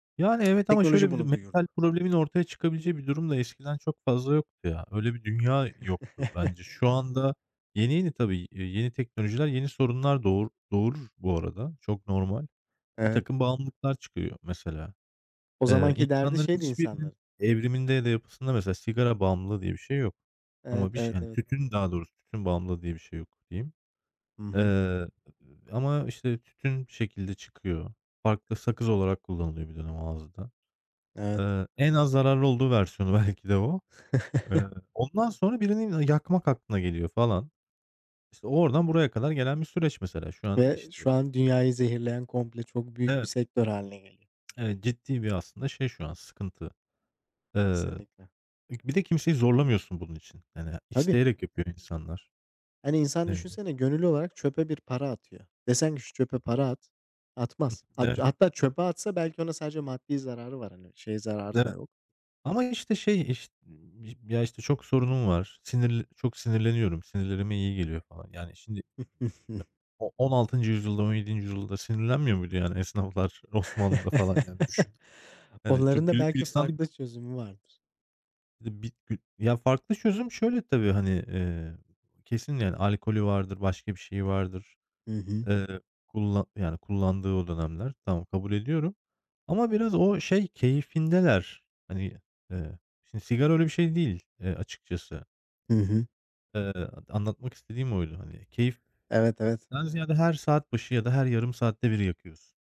Yani, evet, ama Teknoloji şöyle bir de: bunu Mental duyurdu. problemin ortaya çıkabileceği bir durum da eskiden çok fazla yoktu ya. Öyle bir dünya yoktu bence. Şu anda yeni yeni, tabii, iii, yeni teknolojiler yeni sorunlar doğur doğurur bu arada. Çok normal. Evet. Birtakım bağımlılıklar çıkıyor mesela. O Eee, zamanki derdi insanların şeydi hiçbirinin insanların. evriminde ya da yapısında mesela sigara bağımlılığı diye bir şey yok Evet, ama bir şey evet, hani, evet. tütün daha doğrusu tütün bağımlılığı diye bir şey yok diyeyim. Hı Eee, hı. ııı, ama, işte, tütün şekilde çıkıyor. Farklı sakız olarak kullanılıyordu bir dönem ağızda. Evet. Eee, en az zararlı olduğu versiyonu belki de o. Iıı, ondan sonra birinin, aaa, yakmak aklına geliyor falan. İşte, oradan buraya kadar gelen bir süreç mesela. Şu an, Ve işte şu an dünyayı zehirleyen komple çok büyük bir Evet. sektör hâline geliyor. Evet, ciddi bir aslında şey şu an: sıkıntı. Eee, Kesinlikle. bir k bir de kimseyi zorlamıyorsun bunun için. Yani Tabii. isteyerek yapıyor insanlar, Hani insan eee düşünsene gönüllü olarak çöpe bir para atıyor. Desen ki, "Şu çöpe para at." Hıh, Atmaz. [unintelligible] evet. Hatta çöpe atsa belki ona sadece maddi zararı var hani. Şey zararı da Evet. yok. "Ama, işte, şey, iş ya, işte, çok sorunum var. Sinirli çok sinirleniyorum. Sinirlerime iyi geliyor." falan. Yani şimdi [unintelligible] o 16. yüzyılda, 17. yüzyılda sinirlenmiyor muydu, yani, esnaflar, Osmanlı'da falan? Yani düşün. Yani Onların çok da güllük belki gülistanlık farklı çözümü vardır. Bir de bir gü Ya farklı çözüm şöyle tabii: Hani, eee, kesin, yani, alkolü vardır, başka bir şeyi vardır. Hı hı. Eee, kullan yani kullandığı o dönemler. Tamam, kabul ediyorum ama biraz o şey keyfindeler. Hani, eee, şimdi sigara öyle bir şey değil, eee, açıkçası. Hı hı. Iıı, dı anlatmak istediğim oydu hani. Keyiften Evet, evet. ziyade her saat başı ya da her yarım saatte bir yakıyorsun.